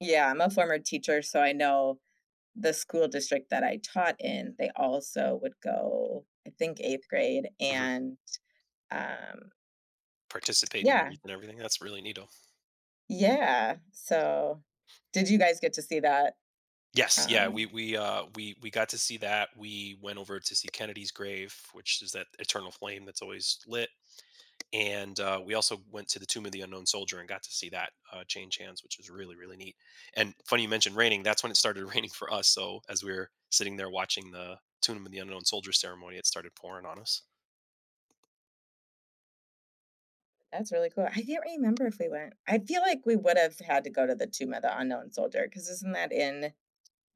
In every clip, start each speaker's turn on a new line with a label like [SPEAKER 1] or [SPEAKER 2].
[SPEAKER 1] Yeah, I'm a former teacher, so I know the school district that I taught in, they also would go, I think 8th grade
[SPEAKER 2] Mhm.
[SPEAKER 1] and, um
[SPEAKER 2] Participate in the
[SPEAKER 1] Yeah.
[SPEAKER 2] wreath and everything, that's really neato.
[SPEAKER 1] Yeah. So, did you guys get to see that?
[SPEAKER 2] Yes, yeah, we
[SPEAKER 1] Um
[SPEAKER 2] we, uh, we we got to see that; we went over to see Kennedy's Grave, which is that eternal flame that's always lit, and, uh, we also went to the Tomb of the Unknown Soldier and got to see that, uh, change hands, which was really, really neat, and funny you mentioned raining, that's when it started raining for us, so, as we're sitting there watching the Tomb of the Unknown Soldier ceremony, it started pouring on us.
[SPEAKER 1] That's really cool, I can't remember if we went I feel like we would've had to go to the Tomb of the Unknown Soldier 'cause isn't that in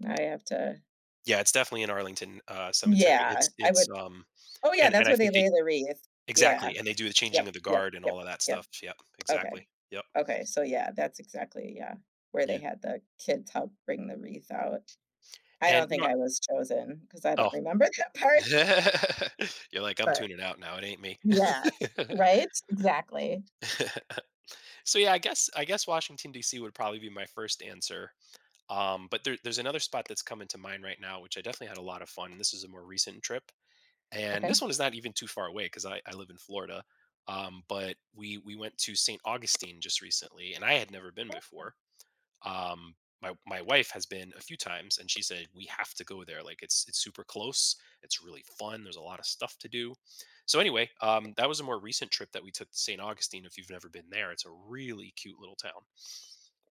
[SPEAKER 1] now I have to
[SPEAKER 2] Yeah, it's definitely in Arlington, uh, Cemetery,
[SPEAKER 1] Yeah,
[SPEAKER 2] it's
[SPEAKER 1] I
[SPEAKER 2] it's,
[SPEAKER 1] would
[SPEAKER 2] um
[SPEAKER 1] oh, yeah,
[SPEAKER 2] and and
[SPEAKER 1] that's
[SPEAKER 2] I
[SPEAKER 1] where they
[SPEAKER 2] think they
[SPEAKER 1] lay the wreath. Yeah.
[SPEAKER 2] exactly, and they do the Changing
[SPEAKER 1] Yep,
[SPEAKER 2] of the
[SPEAKER 1] yep,
[SPEAKER 2] Guard and
[SPEAKER 1] yep,
[SPEAKER 2] all of that
[SPEAKER 1] yep.
[SPEAKER 2] stuff, yep,
[SPEAKER 1] Okay.
[SPEAKER 2] exactly. Yep.
[SPEAKER 1] Okay, so yeah, that's exactly yeah, where they
[SPEAKER 2] Yeah.
[SPEAKER 1] had the kids help bring the wreath out. I
[SPEAKER 2] And,
[SPEAKER 1] don't
[SPEAKER 2] you know
[SPEAKER 1] think
[SPEAKER 2] what?
[SPEAKER 1] I was chosen 'cause I
[SPEAKER 2] Oh.
[SPEAKER 1] don't remember that part.
[SPEAKER 2] You're like, "I'm
[SPEAKER 1] But
[SPEAKER 2] tuning out now, it ain't me."
[SPEAKER 1] yeah, right? Exactly.
[SPEAKER 2] So, yeah, I guess I guess Washington DC would probably be my first answer, um, but there there's another spot that's coming to mind right now, which I definitely had a lotta fun, this is a more recent trip. And this
[SPEAKER 1] Okay.
[SPEAKER 2] one is not even too far away, 'cause I I live in Florida, um, but we we went to Saint Augustine just recently, and I had never been
[SPEAKER 1] Awesome.
[SPEAKER 2] before, um, my my wife has been a few times, and she said, "We have to go there," like, it's it's super close, it's really fun, there's a lotta stuff to do, so, anyway, um, that was a more recent trip that we took to Saint Augustine, if you've never been there, it's a really cute little town.